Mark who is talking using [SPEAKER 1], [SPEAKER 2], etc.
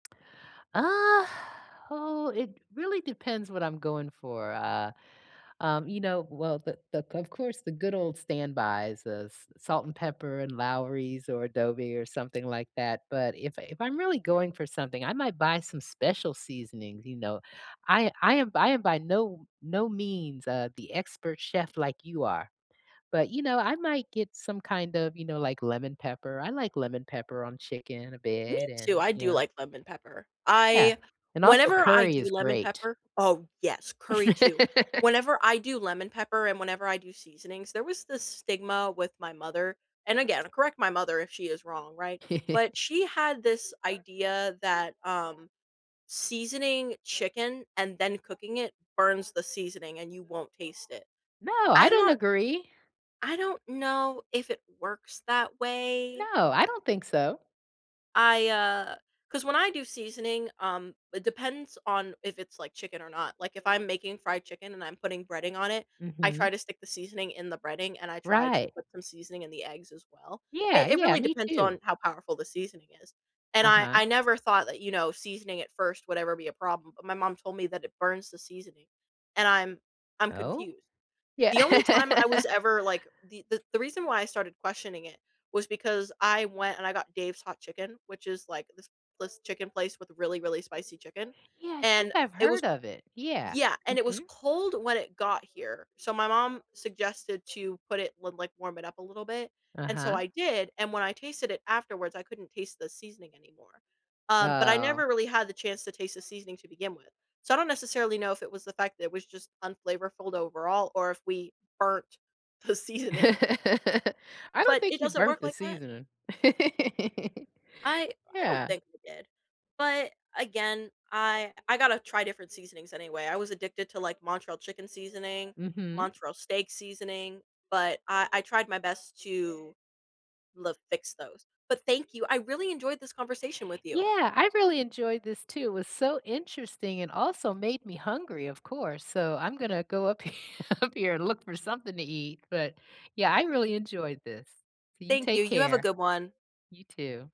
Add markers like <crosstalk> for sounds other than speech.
[SPEAKER 1] Uh, oh, it really depends what I'm going for, uh, um, you know. Well, the the of course, the good old standbys, the s salt and pepper and Lawry's or adobe or something like that, but if I if I'm really going for something, I might buy some special seasonings, you know. I I am I am by no no means, uh, the expert chef like you are, but, you know, I might get some kind of, you know, like lemon pepper. I like lemon pepper on chicken a
[SPEAKER 2] Me
[SPEAKER 1] bit and,
[SPEAKER 2] too, I
[SPEAKER 1] you
[SPEAKER 2] do
[SPEAKER 1] know.
[SPEAKER 2] like lemon pepper,
[SPEAKER 1] Yeah,
[SPEAKER 2] I
[SPEAKER 1] and also,
[SPEAKER 2] whenever I
[SPEAKER 1] curry
[SPEAKER 2] do
[SPEAKER 1] is
[SPEAKER 2] lemon
[SPEAKER 1] great.
[SPEAKER 2] pepper oh, yes, curry too.
[SPEAKER 1] <laughs>
[SPEAKER 2] Whenever I do lemon pepper and whenever I do seasonings, there was this stigma with my mother and again, correct my mother if she is wrong, right? But
[SPEAKER 1] <chuckles>
[SPEAKER 2] she had this idea that, um, seasoning chicken and then cooking it burns the seasoning and you won't taste it.
[SPEAKER 1] No, I
[SPEAKER 2] I'm
[SPEAKER 1] don't
[SPEAKER 2] not
[SPEAKER 1] agree.
[SPEAKER 2] I don't know if it works that way
[SPEAKER 1] No, I don't think so.
[SPEAKER 2] I, uh 'cause when I do seasoning, um, it depends on if it's like chicken or not, like if I'm making fried chicken and I'm putting breading on it, I try
[SPEAKER 1] Mhm.
[SPEAKER 2] to stick the seasoning in the breading and I try to
[SPEAKER 1] Right.
[SPEAKER 2] put some seasoning in the eggs as well.
[SPEAKER 1] Yeah,
[SPEAKER 2] It it
[SPEAKER 1] yeah.
[SPEAKER 2] really
[SPEAKER 1] Me
[SPEAKER 2] depends
[SPEAKER 1] too.
[SPEAKER 2] on how powerful the seasoning is, and I
[SPEAKER 1] Uh-huh.
[SPEAKER 2] I never thought that, you know, seasoning it first would ever be a problem, but my mom told me that it burns the seasoning and I'm I'm
[SPEAKER 1] Oh?
[SPEAKER 2] confused.
[SPEAKER 1] Yeah.
[SPEAKER 2] The only time I
[SPEAKER 1] <laughs>
[SPEAKER 2] was ever like the the the reason why I started questioning it, was because I went and I got Dave's Hot Chicken, which is like this this chicken place with really, really spicy chicken,
[SPEAKER 1] Yeah, I think
[SPEAKER 2] and
[SPEAKER 1] I've
[SPEAKER 2] it was
[SPEAKER 1] heard of it. Yeah,
[SPEAKER 2] Yeah, and it was
[SPEAKER 1] mhm.
[SPEAKER 2] cold when it got here, so, my mom suggested to put it l like warm it up a little bit, and so
[SPEAKER 1] Uh-huh.
[SPEAKER 2] I did, and when I tasted it afterwards, I couldn't taste the seasoning anymore, um, but I
[SPEAKER 1] Oh.
[SPEAKER 2] never really had the chance to taste the seasoning to begin with. So, I don't necessarily know if it was the fact that it was just unflavorful overall or if we burnt the
[SPEAKER 1] <laughs>
[SPEAKER 2] seasoning.
[SPEAKER 1] I don't
[SPEAKER 2] But
[SPEAKER 1] think
[SPEAKER 2] it
[SPEAKER 1] you
[SPEAKER 2] doesn't
[SPEAKER 1] burnt
[SPEAKER 2] work
[SPEAKER 1] the
[SPEAKER 2] like that?
[SPEAKER 1] seasoning. <laughs>
[SPEAKER 2] I I don't
[SPEAKER 1] Yeah.
[SPEAKER 2] think we did, but again, I I gotta try different seasonings anyway. I was addicted to, like, Montreal chicken seasoning,
[SPEAKER 1] Mhm.
[SPEAKER 2] Montreal steak seasoning, but I I tried my best to l fix those. But thank you, I really enjoyed this conversation with you.
[SPEAKER 1] Yeah, I really enjoyed this too, it was so interesting and also made me hungry, of course, so, I'm gonna go up he up here and look for something to eat, but, yeah, I really enjoyed this. So you
[SPEAKER 2] Thank
[SPEAKER 1] take
[SPEAKER 2] you. You have a
[SPEAKER 1] care.
[SPEAKER 2] good one.
[SPEAKER 1] You too.